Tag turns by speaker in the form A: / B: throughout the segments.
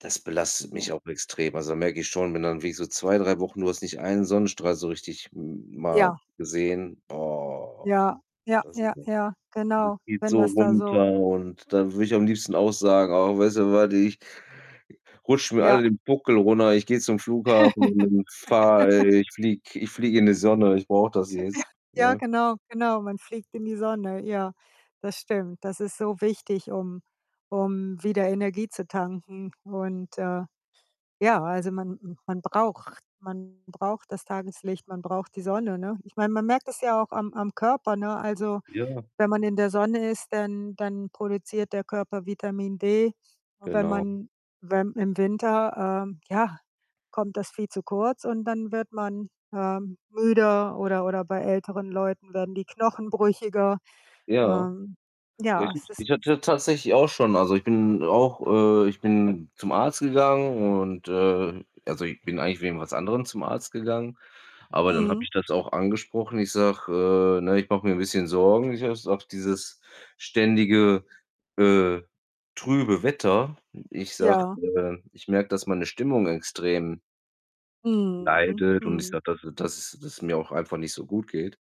A: Das belastet mich
B: Ja.
A: auch extrem. Also, da merke ich schon, wenn dann wirklich so 2, 3 Wochen du hast nicht einen Sonnenstrahl so richtig m mal
B: Ja.
A: gesehen, oh,
B: Ja, ja,
A: das
B: ja,
A: [unintelligible]
B: ja,
A: Das
B: genau,
A: zieht
B: wenn
A: so
B: das da
A: runter,
B: so
A: und dann würde ich am liebsten auch sagen: „Ach, weißt du was, ich“ „rutscht mir
B: Ja.
A: alle den Buckel runter, ich gehe zum Flughafen und und fahre äh, ich fliege ich fliege in die Sonne, ich brauche das jetzt.“,
B: Ja,
A: ne?
B: genau, genau, man fliegt in die Sonne. Ja, das stimmt. Das ist so wichtig, um um wieder Energie zu tanken und, äh, ja, also man m man braucht man braucht das Tageslicht, man braucht die Sonne, ne? Ich meine, man merkt das ja auch am am Körper, ne? Also,
A: Ja.
B: wenn man in der Sonne ist, dann dann produziert der Körper Vitamin D. Wenn
A: Genau.
B: man wenn im Winter, ähm, ja, kommt das viel zu kurz, und dann wird man, ähm, müde, oder oder bei älteren Leuten werden die Knochen brüchiger.
A: Ja.
B: Ähm, ja,
A: [unintelligible]
B: es ist
A: ich hatte tatsächlich auch schon also ich bin auch äh, ich bin zum Arzt gegangen, und, äh, also ich bin eigentlich wegen was anderem zum Arzt gegangen, aber dann habe
B: Mhm.
A: ich das auch angesprochen. Ich sage: „Äh, ne, ich mache mir 'n bisschen Sorgen. [unintelligible] auf dieses ständige, äh, trübe Wetter.“ Ich sage:
B: Ja.
A: „Ähm, ich merke, dass meine Stimmung extrem“
B: Mhm,
A: „leidet“, und ich
B: mhm.
A: sage, dass es dass es dass es mir auch einfach nicht so gut geht,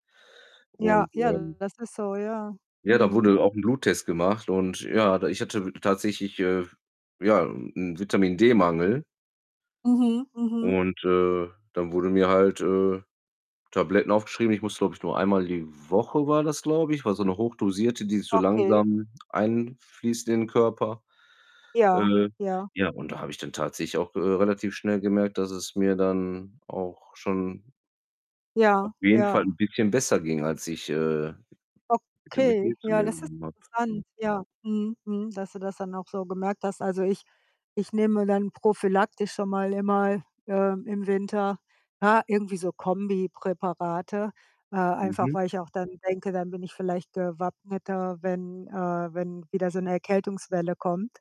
B: Ja,
A: und,
B: ja,
A: ähm
B: das ist so, ja.
A: ja, da wurde
B: Mhm.
A: halt auch 'n Bluttest gemacht und ja, da ich hatte tatsächlich, äh, f ja, 'n 'n Vitamin-D-Mangel
B: Mhm, mhm.
A: und, äh, dann wurden mir halt, äh, Tabletten aufgeschrieben. Ich musste, glaube ich, nur einmal die Woche war das, glaube ich war so 'ne hochdosierte, die so
B: Okay.
A: langsam einfließt in den Körper.
B: Ja,
A: Äh,
B: ja.
A: ja, und da habe ich dann tatsächlich auch, äh, relativ schnell gemerkt, dass es mir dann auch schon auf
B: Ja,
A: jeden Fall 'n
B: ja.
A: bisschen besser ging, als ich, äh, Vitamin
B: Okay,
A: D zu
B: ja,
A: mir
B: das ist
A: genommen habe.
B: interessant. Ja, mhm, mhm, dass du das dann auch so gemerkt hast. Also ich ich nehme dann prophylaktisch schon mal immer, ähm, im Winter, ja, irgendwie so Kombi-Präparate, äh, einfach
A: Mhm.
B: weil ich auch dann denke, dann bin ich vielleicht gewappneter, wenn äh, wenn wieder so 'ne Erkältungswelle kommt.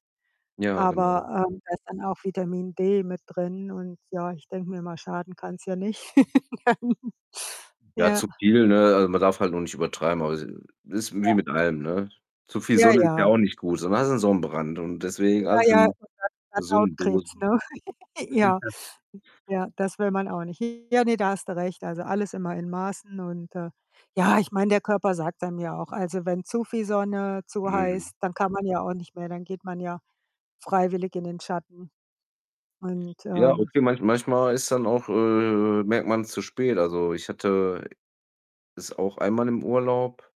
A: Ja, genau.
B: Aber, ähm, da ist dann auch Vitamin D mit drin und ja, ich denke mir immer: „Schaden kann's ja nicht.“ Nein.
A: Ja,
B: Ja.
A: zu viel, ne? Also, man darf halt nur nicht übertreiben, aber [unintelligible] ist wie
B: Ja.
A: mit allem, ne? Zu viel
B: Ja,
A: Sonne ist ja
B: ja.
A: auch nicht gut, sonst hast du 'n Sonnenbrand und
B: Ja,
A: deswegen alles
B: ja, und
A: in
B: dann dann
A: gesunden
B: Hautkrebs,
A: Dosen.
B: ne? Ja. Ja, das will man auch nicht. Ja, ne, da hast du recht, also alles immer in Maßen und, äh, ja, ich meine, der Körper sagt's einem ja auch also wenn zu viel Sonne, zu
A: Mhm.
B: heiß, dann kann man ja auch nicht mehr, dann geht man ja freiwillig in den Schatten und,
A: Ja,
B: ähm
A: okay, manch manchmal ist dann auch äh, merkt man's zu spät. Also, ich hatte es auch einmal im Urlaub.